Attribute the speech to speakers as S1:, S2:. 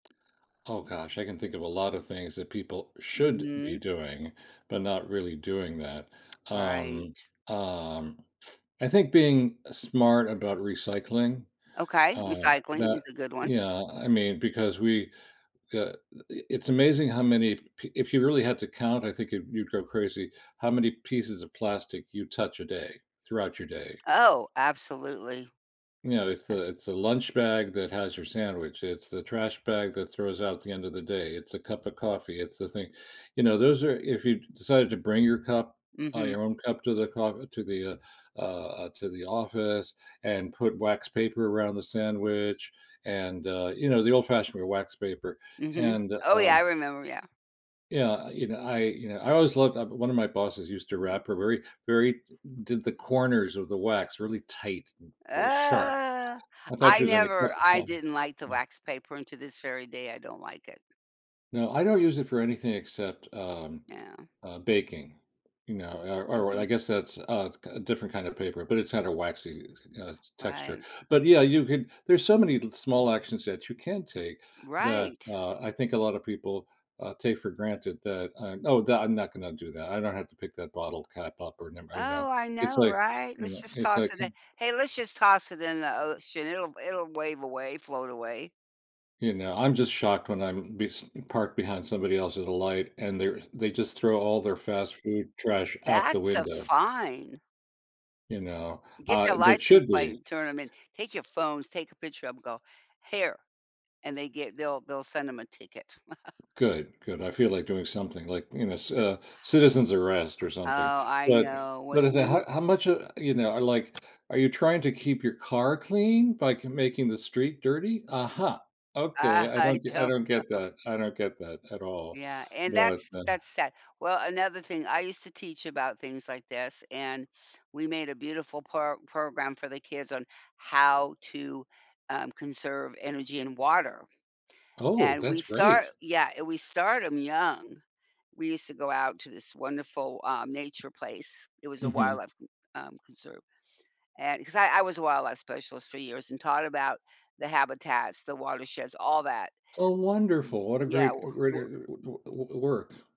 S1: Oh, gosh, I can think of a lot of things that people should be
S2: Mhm.
S1: doing, but not really doing that. Um,
S2: Right.
S1: um, I think being smart about recycling,
S2: Okay,
S1: uh,
S2: recycling is
S1: but,
S2: a good one.
S1: you know, I mean, because we, uh, i it's amazing how many pe if you really had to count, I think you'd you'd go crazy, how many pieces of plastic you touch a day, throughout your day.
S2: Oh, absolutely,
S1: You know, it's
S2: uh
S1: the, it's a lunch bag that has your sandwich, it's the trash bag that throws out at the end of the day, it's a cup of coffee, it's the thing, you know, those are, if you decided to bring your cup, uh,
S2: Mhm.
S1: your own cup to the co to the, uh, uh, uh, to the office, and put wax paper around the sandwich, and, uh, you know, the old fashioned wax paper,
S2: Mhm.
S1: and,
S2: Oh, yeah, I
S1: um
S2: remember, yeah.
S1: yeah, uh, you know, I, you know, I always loved uh, one of my bosses used to wrap her very very did the corners of the wax really tight, very sharp.
S2: Ugh,
S1: I thought she
S2: I
S1: was gonna cut
S2: never
S1: her
S2: I
S1: palm.
S2: didn't like the
S1: Mhm.
S2: wax paper, and to this very day, I don't like it.
S1: No, I don't use it for anything except, um,
S2: Yeah.
S1: uh, baking, you know, or or or I guess
S2: Mhm.
S1: that's a f uh, different kind of paper, but it's not a waxy, uh, texture,
S2: Right.
S1: but yeah, you can there's so many little, small actions that you can take that,
S2: Right.
S1: uh, I think a lot of people, uh, take for granted that, "I'm oh, that, I'm not going to do that. I don't have to pick that bottle cap up, or never" you know,
S2: Oh, I
S1: it's
S2: know,
S1: like,
S2: right?
S1: you
S2: Let's
S1: know,
S2: just
S1: it's like,
S2: toss it
S1: "Huh."
S2: in. Hey, let's just toss it in the ocean. It'll it'll wave away, float away.
S1: You know, I'm just shocked when I'm bes parked behind somebody else's light, and they're they just throw all their fast food trash out the
S2: That's a
S1: window.
S2: fine.
S1: You know,
S2: Get their
S1: uh, that
S2: license
S1: should
S2: plate,
S1: be.
S2: and turn 'em in, take your phones, take a picture of 'em, go, "Here," and they get they'll they'll send ‘em a ticket.
S1: Good, good. I feel like doing something like, you know c uh, citizens arrest, or
S2: Oh,
S1: something,
S2: I
S1: but,
S2: know,
S1: the
S2: when
S1: the the
S2: when
S1: h
S2: we
S1: how much, uh, you know, uh, like, are you trying to keep your car clean by c making the street dirty? Aha, okay,
S2: Uh,
S1: I
S2: I
S1: don't get I
S2: don't
S1: don't get
S2: know.
S1: that. I don't get that at all,
S2: Yeah, and
S1: but,
S2: that's
S1: uh
S2: that's sad. Well, another thing, I used to teach about things like this, and we made a beautiful pro program for the kids on how to, um, conserve energy and water,
S1: Oh,
S2: and we
S1: that's
S2: start,
S1: great.
S2: yeah, eh, we start 'em young. We used to go out to this wonderful, um, nature place. It was a
S1: Mhm.
S2: wildlife c um, conserve, and 'cause I I was a wildlife specialist for years and taught about the habitats, the watersheds, all that.
S1: Oh, wonderful. What a
S2: Yeah,
S1: great, uh,
S2: w w
S1: greater [unintelligible] work.